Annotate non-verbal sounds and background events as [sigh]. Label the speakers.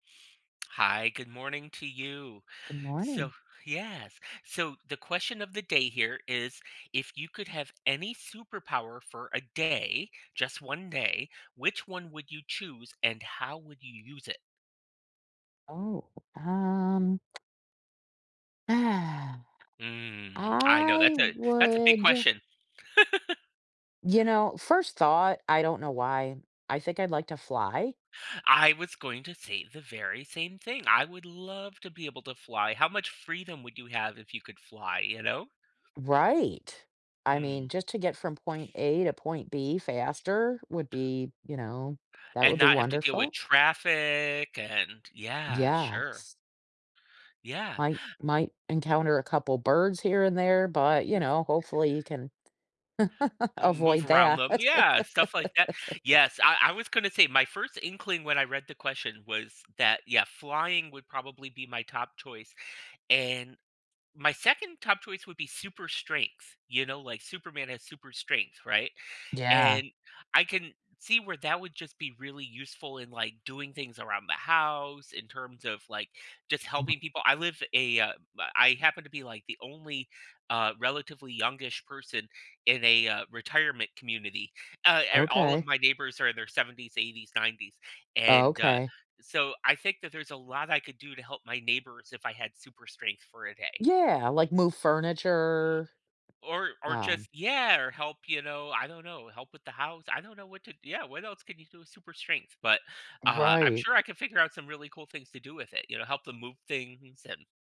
Speaker 1: Hi, good morning to you.
Speaker 2: Good
Speaker 1: So
Speaker 2: morning.
Speaker 1: yes, so the question of the day here is, if you could have any superpower for a day, just 1 day, which one would you choose and how would you use it?
Speaker 2: Oh, um [sighs]
Speaker 1: Mm, I know
Speaker 2: I
Speaker 1: that's a, that's a big
Speaker 2: would
Speaker 1: question. [chuckles]
Speaker 2: You know, first thought, I don't know why. I think I'd like to fly.
Speaker 1: I was going to say the very same thing. I would love to be able to fly. How much freedom would you have if you could fly, you know?
Speaker 2: Right, I mean,
Speaker 1: Mm.
Speaker 2: just to get from point A to point B faster would be, you know, that
Speaker 1: And
Speaker 2: would be
Speaker 1: not have to deal with
Speaker 2: wonderful.
Speaker 1: traffic and yeah, sure.
Speaker 2: Yes.
Speaker 1: Yeah.
Speaker 2: I might, might encounter a couple birds here and there, but, you
Speaker 1: Yeah
Speaker 2: know, hopefully you can [chuckles]
Speaker 1: Move
Speaker 2: avoid
Speaker 1: around
Speaker 2: that.
Speaker 1: them, yeah, stuff like that.
Speaker 2: [laughs]
Speaker 1: Yes, I I was gonna say my first inkling when I read the question was that, yeah, "Flying would probably be my top choice and my 2nd top choice would be super strength, you know, like Superman has super strength, right,
Speaker 2: Yeah.
Speaker 1: and I can see where that would just be really useful in like doing things around the house in terms of, like, just
Speaker 2: [unintelligible]
Speaker 1: helping people. I live a, uh, b I happen to be like the only uh relatively young-ish person in a, uh, retirement community. Uh, a all of
Speaker 2: Okay.
Speaker 1: my neighbors are in their 70s, 80s, 90s, and, uh,
Speaker 2: Okay
Speaker 1: so I think that there's a lot I could do to help my neighbors if I had super strength for a day.
Speaker 2: Yeah, like move furniture,
Speaker 1: Or or
Speaker 2: Um
Speaker 1: just, yeah, or help, you know, I don't know, help with the house. I don't know what to yeah, what else can you do with super strength? But, uh, I'm
Speaker 2: Right.
Speaker 1: sure I can figure out some really cool things to do with it, you know, help them move things and